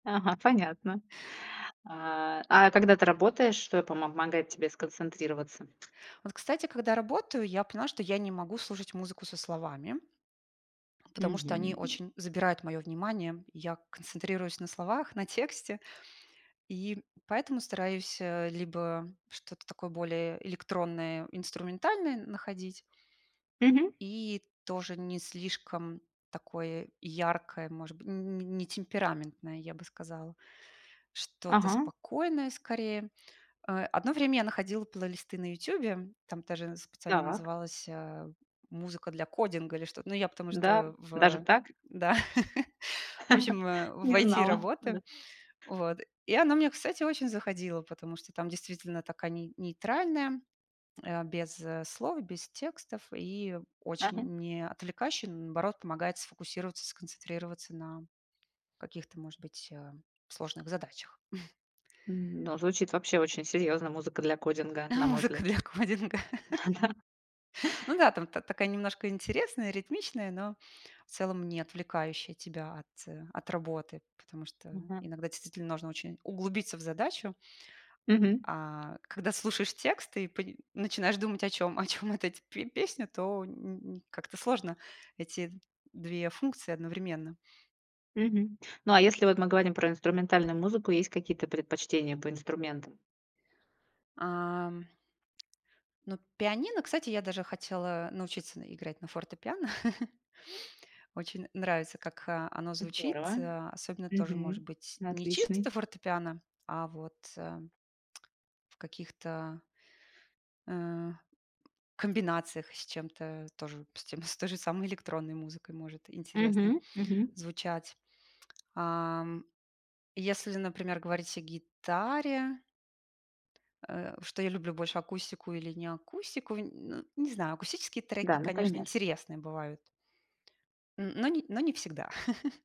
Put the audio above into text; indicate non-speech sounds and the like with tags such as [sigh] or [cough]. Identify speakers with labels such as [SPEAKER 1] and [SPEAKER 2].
[SPEAKER 1] Ага, понятно. А. А когда ты работаешь, что помогает тебе сконцентрироваться?
[SPEAKER 2] А вот, кстати, когда работаю, я поняла, что я не могу слушать музыку со словами. Потому что они
[SPEAKER 1] Мгм.
[SPEAKER 2] очень забирают моё внимание. И я концентрируюсь на словах, на тексте. И поэтому стараюсь, а, либо что-то такое более электронное, инструментальное находить.
[SPEAKER 1] Мгм.
[SPEAKER 2] И тоже не слишком такое яркое, может быть, н н не не темпераментное, я бы сказала. Что-то
[SPEAKER 1] Ага.
[SPEAKER 2] спокойное, скорее. Э, одно время я находила плейлисты на "Ютубе". Там даже специально
[SPEAKER 1] Так.
[SPEAKER 2] называлась, а, "Музыка для кодинга" или что-то но я потому
[SPEAKER 1] Да.
[SPEAKER 2] что
[SPEAKER 1] Даже
[SPEAKER 2] в
[SPEAKER 1] так?
[SPEAKER 2] да. [chuckles] В общем,
[SPEAKER 1] [laughs]
[SPEAKER 2] в
[SPEAKER 1] Не
[SPEAKER 2] IT
[SPEAKER 1] знала. Да.
[SPEAKER 2] работаю. Вот. И она мне, кстати, очень заходила, потому что там, действительно, такая ней нейтральная, э, без слов, без текстов. И
[SPEAKER 1] Ага.
[SPEAKER 2] очень не отвлекающий, наоборот, помогает сфокусироваться, сконцентрироваться на каких-то, может быть, э, сложных задачах. [chuckles]
[SPEAKER 1] М. Да, звучит вообще очень серьёзно "Музыка для кодинга", на мой
[SPEAKER 2] Музыка
[SPEAKER 1] взгляд.
[SPEAKER 2] для кодинга. [laughs]
[SPEAKER 1] Да.
[SPEAKER 2] Ну да, там та такая немножко интересная, ритмичная, но в целом не отвлекающая тебя от от работы. Потому что
[SPEAKER 1] Мгм.
[SPEAKER 2] иногда действительно нужно очень углубиться в задачу.
[SPEAKER 1] Мгм.
[SPEAKER 2] А, когда слушаешь текст и пани начинаешь думать, о чём о чём вот эти пе песня, то н н как-то сложно эти 2 функции одновременно.
[SPEAKER 1] Мгм. Ну, а если, вот, мы говорим про инструментальную музыку, есть какие-то предпочтения по инструментам?
[SPEAKER 2] Ам. Ну, пианино, кстати, я даже хотела научиться на играть на фортепиано. [chuckles] Очень нравится, как, а, оно звучит,
[SPEAKER 1] Здорово.
[SPEAKER 2] а, особенно тоже, может
[SPEAKER 1] Мгм.
[SPEAKER 2] быть, не
[SPEAKER 1] Отличный.
[SPEAKER 2] чисто фортепиано, а вот, э, [clicks tongue] в каких-то э, комбинациях с чем-то тоже с тем с той же самой электронной музыкой может интересно
[SPEAKER 1] Мгм. Мгм.
[SPEAKER 2] звучать. Ам. Если, например, говорить о гитаре. Э, что я люблю больше акустику или не акустику, н н не знаю, акустические треки,
[SPEAKER 1] Да,
[SPEAKER 2] конечно,
[SPEAKER 1] например.
[SPEAKER 2] интересные бывают. Т но не но не всегда. [laughs]